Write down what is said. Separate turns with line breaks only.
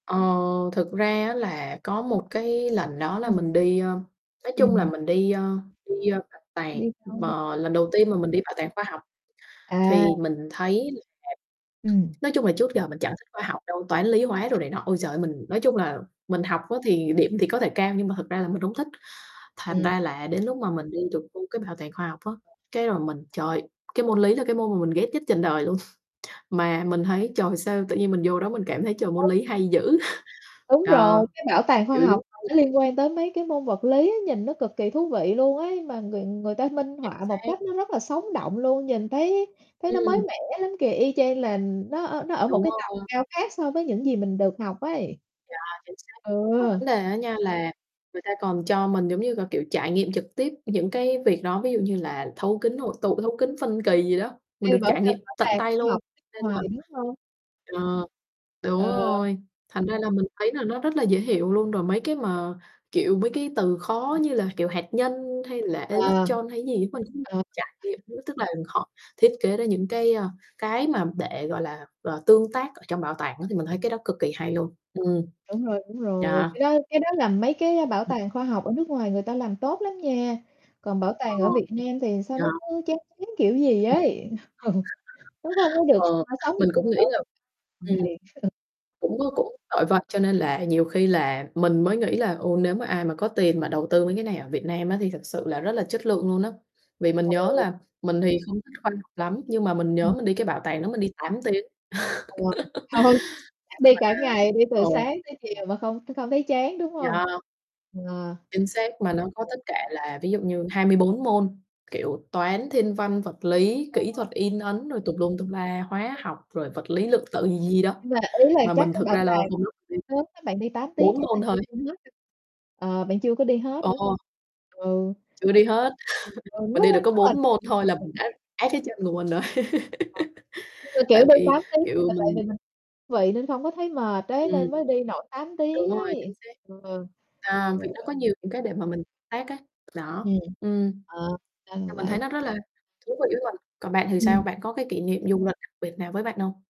Ờ, thực ra á là có một cái lần đó là
Ừm.
mình đi, ưm, nói chung là
Ừm.
mình đi, ơ đi, ơ, bảo
Đi
tàng,
đâu đây?
và lần đầu tiên mà mình đi bảo tàng khoa học. Thì
À.
mình thấy là
Ừm.
nói chung là trước giờ mình chẳng thích khoa học đâu, toán, lý, hóa, đồ này nọ. Ôi giời ơi, mình nói
Ừ.
chung là mình học á thì điểm thì có thể cao nhưng mà thực ra là mình hông thích, thành
Ừm.
ra là đến lúc mà mình đi được đi cái bảo tàng khoa học á, cái rồi mình trời, cái môn lý là cái môn mà mình ghét nhất trần đời luôn, mà mình thấy, trời, sao tự nhiên mình vô đó mình cảm thấy, trời, môn
Hông.
lý hay dữ.
Đúng
Ờ,
rồi, cái bảo tàng khoa
kiểu giống
học mà nó
[unintelligible]
liên quan tới mấy cái môn vật lý, nhìn nó cực kỳ thú vị luôn ấy, mà người người ta minh
Chính
họa một
xác.
cách nó rất là sống động luôn, nhìn thấy thấy nó mới
Ừm.
mẻ lắm kìa, y chang là nó ở nó ở một
Đúng
cái tầm
rồi.
cao khác so với những gì mình được học ấy.
Yeah, chính xác, mà
Ừ.
vấn đề á nha là người ta còn cho mình, giống như gà, kiểu, trải nghiệm trực tiếp những cái việc đó. Ví dụ như là thấu kính hội tụ, thấu kính phân kỳ gì đó, mình
Đây [unintelligible]
được
bảo
trải nghiệm tận
tàng
tay
khoa
luôn,
học nước
nên
ngoài,
là
đúng hông?
ờ, đúng
Ờ.
rồi, thành ra là mình thấy là nó rất là dễ hiểu luôn. Rồi mấy cái mà, kiểu, mấy cái từ khó
Ừm.
như là, kiểu, hạt nhân hay là
À.
electron hay gì á, mình cũng
Ờ.
trải nghiệm [unintelligible] tức là họ thiết kế ra những cái, a, cái mà để, gọi là, ờ, tương tác ở trong bảo tàng á. Thì mình thấy cái đó cực kỳ hay luôn, ừm,
Đúng rồi, đúng rồi.
yeah.
Cái đó cái đó là mấy cái bảo tàng khoa học ở nước ngoài người ta làm tốt lắm nha. Còn bảo
Ờ.
tàng ở Việt Nam thì sao
Yeah.
nó cứ chán chán kiểu gì ấy. Ừ, nó không có được
Ờ,
[unintelligible] sống
mình cũng nghĩ là ừm,
[unintelligible]
cũng có cũng [unintelligible] cho nên là nhiều khi là mình mới nghĩ là, ừ, nếu mà ai mà có tiền mà đầu tư mấy cái này ở Việt Nam á thì thật sự là rất là chất lượng luôn á, vì mình nhớ
Ôi.
là mình thì không thích khoa học lắm, nhưng mà mình nhớ
Ừm.
mình đi cái bảo tàng đó mình đi 8 tiếng.
Ừ, ừ, chắc đi cả ngày đi
Mà
từ
ừ.
sáng tới chiều mà không không thấy chán, đúng hông?
Yeah.
Ờ.
Chính xác, mà nó có tất cả là ví dụ như 24 môn, kiểu, toán, thiên văn, vật lý,
Ừ.
kỹ thuật in ấn, rồi tùm lum tùm la, hóa học, rồi vật lý lượng tử gì gì đó.
Nhưng mà ý là
Mà
chắc
mình
cái
thực
bảo
ra là
tàng
không lúc mình đi
sớm á, bạn đi 8 tiếng
4
chắc là
môn
chưa
thôi.
đi hết đâu, ờ, bạn chưa có đi hết, đúng
Ồ.
hông? Ừ.
Chưa đi hết,
Ừ.
mình đi được có
[unintelligible]
4 môn thôi là mình đã át cái chân của mình rồi.
Ờ. Nhưng mà, kiểu,
Tại
đi
vì,
8 tiếng,
kiểu,
mà tại
mình
vì mình vị nên không có thấy mệt ấy, nên
Ừm.
mới đi nổi 8
Đúng
tiếng
rồi,
ấy.
chính xác.
Ừ,
À,
ừ.
vì nó có nhiều những cái để mà mình tác ấy, đó,
Ừm.
ừm.
Ờ, ra là
À, mình thấy
vậy.
nó rất là thú vị với mình, còn bạn thì sao,
Ừm.
bạn có cái kỷ niệm du lịch đặc biệt nào với bạn hông?